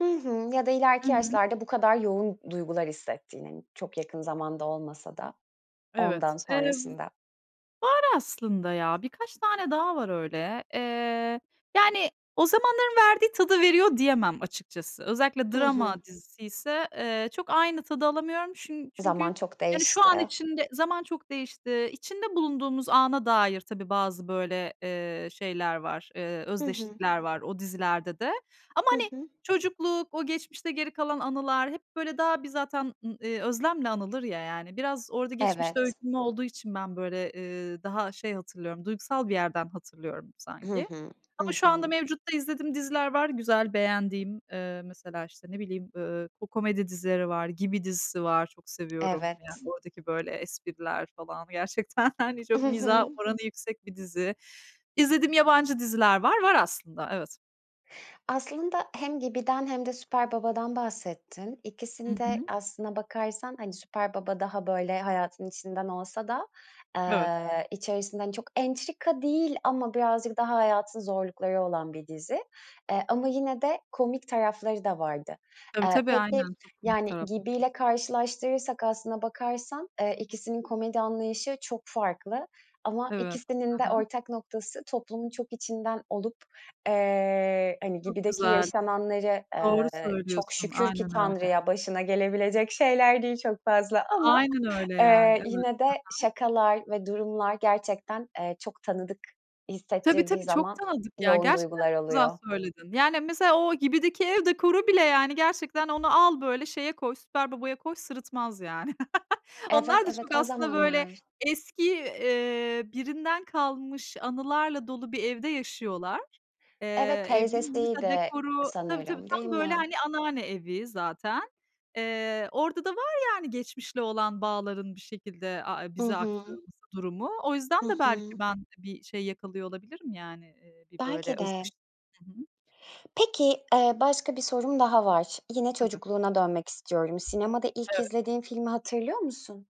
Hı hı, ya da I ileriki hı. yaşlarda bu kadar yoğun duygular hissettiğinin. Çok yakın zamanda olmasa da, Evet. ondan Eee, var sonrasında. aslında ya. Birkaç tane daha var öyle. Eee, yani o zamanların verdiği tadı veriyor diyemem açıkçası. Özellikle Hı hı. drama diziyse, eee, çok aynı tadı alamıyorum. Çün çünkü Zaman çok yani şu an değişti. için de zaman çok değişti. İçinde bulunduğumuz ana dair tabii bazı böyle, eee, şeyler var, eee, Hı hı. özdeşlikler var o dizilerde de. Ama Hı hani hı. çocukluk, o geçmişte geri kalan anılar hep böyle daha bir zaten ı eee, özlemle anılır ya yani. Biraz orada geçmişte Evet. öykünme olduğu için ben böyle ,eee, daha şey hatırlıyorum, duygusal bir yerden hatırlıyorum Hı sanki. hı. Hı Ama şu hı. anda mevcutta izlediğim diziler var güzel, beğendiğim. Eee, mesela işte ne bileyim, ııı, ko komedi dizileri var, Gibi dizisi var. Çok seviyorum. Evet. Yani oradaki böyle espriler falan gerçekten hani çok Hı mizah hı. oranı yüksek bir dizi. İzlediğim yabancı diziler var. Var aslında. Evet. Aslında hem Gibi'den hem de Süper Baba'dan bahsettin. Hı İkisinde hı. aslına bakarsan hani Süper Baba daha böyle hayatın içinden olsa da, Evet. eee, içerisinde hani çok entrika değil ama birazcık daha hayatın zorlukları olan bir dizi. Eee, ama yine de komik tarafları da vardı. Tabii Eee, tabii peki aynen, [unintelligible] yani taraf Gibi'yle karşılaştırırsak aslına bakarsan, eee, ikisinin komedi anlayışı çok farklı. Ama Evet, ikisinin hı de hı. ortak noktası toplumun çok içinden olup, eee, hani Çok Gibi'deki güzel. yaşananları, Doğru eee, çok söylüyorsun, şükür ki aynen öyle. Tanrı'ya başına gelebilecek şeyler değil çok fazla ama. Aynen öyle yani, Eee, evet. yine de He he. şakalar ve durumlar gerçekten, eee, çok tanıdık Tabii hissettirdiği tabii, çok zaman tanıdık ya. yoğun Gerçekten duygular çok güzel oluyor. söyledin. Yani mesela o Gibi'deki ev dekoru bile yani gerçekten onu al böyle şeye koy, Süper Baba'ya koy, sırıtmaz yani. Evet, Onlar da evet çok o aslında böyle zamanlar. eski, eee, birinden kalmış anılarla dolu bir evde yaşıyorlar. Eee, Evet, evin mesela teyzesiydi dekoru, tabii tabii sanırım, değil tam böyle mi? hani anneanne evi zaten. Eee, orada da var yani geçmişle olan bağların bir şekilde a e I bize hı. aktarılması durumu. O yüzden Hı de belki hı. ben bir şey yakalıyor olabilirim yani, eee, bir böyle Belki de. özdeş Hı hı. Peki, eee, başka bir sorum daha var. Yine Tabii. çocukluğuna dönmek istiyorum. Sinemada ilk Evet. izlediğin filmi hatırlıyor musun?